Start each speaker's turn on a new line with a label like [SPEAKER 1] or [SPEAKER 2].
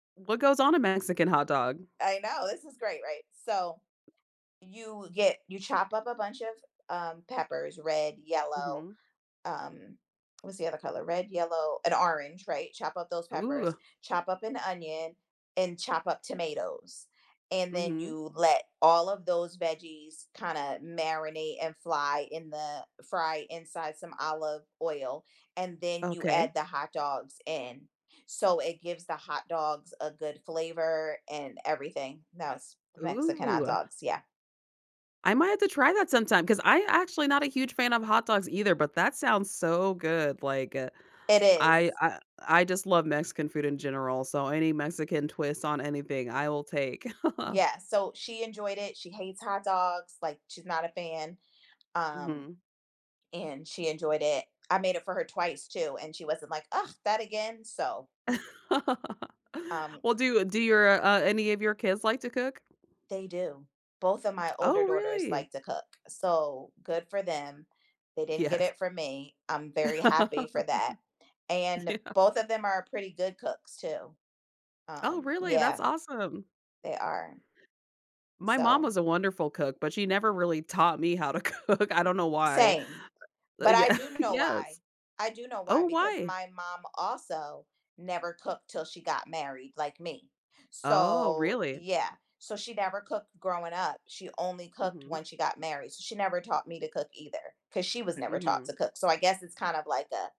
[SPEAKER 1] What goes on a Mexican hot dog?
[SPEAKER 2] I know, this is great, right? So, you get you chop up a bunch of, um, peppers: red, yellow,
[SPEAKER 1] Mhm.
[SPEAKER 2] um, what's the other color? Red, yellow, and orange, right? Chop up those peppers,
[SPEAKER 1] Ooh.
[SPEAKER 2] chop up an onion, and chop up tomatoes, and then
[SPEAKER 1] Mhm.
[SPEAKER 2] you let all of those veggies kinda marinate and fly in the fry inside some olive oil, and then you
[SPEAKER 1] Okay.
[SPEAKER 2] add the hot dogs in, so it gives the hot dogs a good flavor and everything. That's Mexican hot
[SPEAKER 1] Ooh.
[SPEAKER 2] dogs, yeah.
[SPEAKER 1] I might have to try that sometime, 'cause I actually not a huge fan of hot dogs either, but that sounds so good, like, uh,
[SPEAKER 2] It
[SPEAKER 1] I,
[SPEAKER 2] is.
[SPEAKER 1] uh, I just love Mexican food in general, so any Mexican twist on anything I will take.
[SPEAKER 2] Yeah, so, she enjoyed it, she hates hot dogs, like, she's not a fan, um,
[SPEAKER 1] Mhm.
[SPEAKER 2] and she enjoyed it. I made it for her twice too, and she wasn't like, "Ugh, that again?" so Um
[SPEAKER 1] Well, do you do your, uh, any of your kids like to cook?
[SPEAKER 2] They do. Both of my older
[SPEAKER 1] Oh,
[SPEAKER 2] daughters
[SPEAKER 1] really?
[SPEAKER 2] like to cook, so good for them. They didn't get
[SPEAKER 1] Yes.
[SPEAKER 2] it from me, I'm very happy for that, and
[SPEAKER 1] Yeah.
[SPEAKER 2] both of them are pretty good cooks too.
[SPEAKER 1] Oh,
[SPEAKER 2] Um,
[SPEAKER 1] really?
[SPEAKER 2] yeah
[SPEAKER 1] That's awesome.
[SPEAKER 2] they are.
[SPEAKER 1] My mom
[SPEAKER 2] So
[SPEAKER 1] was a wonderful cook, but she never really taught me how to cook. I don't know why.
[SPEAKER 2] Same, but I
[SPEAKER 1] Yeah.
[SPEAKER 2] do know why.
[SPEAKER 1] Yes
[SPEAKER 2] I do know
[SPEAKER 1] Oh,
[SPEAKER 2] why, because
[SPEAKER 1] why?
[SPEAKER 2] my mom also never cooked 'til she got married, like me,
[SPEAKER 1] Oh,
[SPEAKER 2] so,
[SPEAKER 1] really?
[SPEAKER 2] yeah, so, she never cooked growing up, she only cooked
[SPEAKER 1] Mhm.
[SPEAKER 2] when she got married, so she never taught me to cook either, 'cause she was never taught
[SPEAKER 1] Mhm.
[SPEAKER 2] to cook, so, I guess it's kind of like a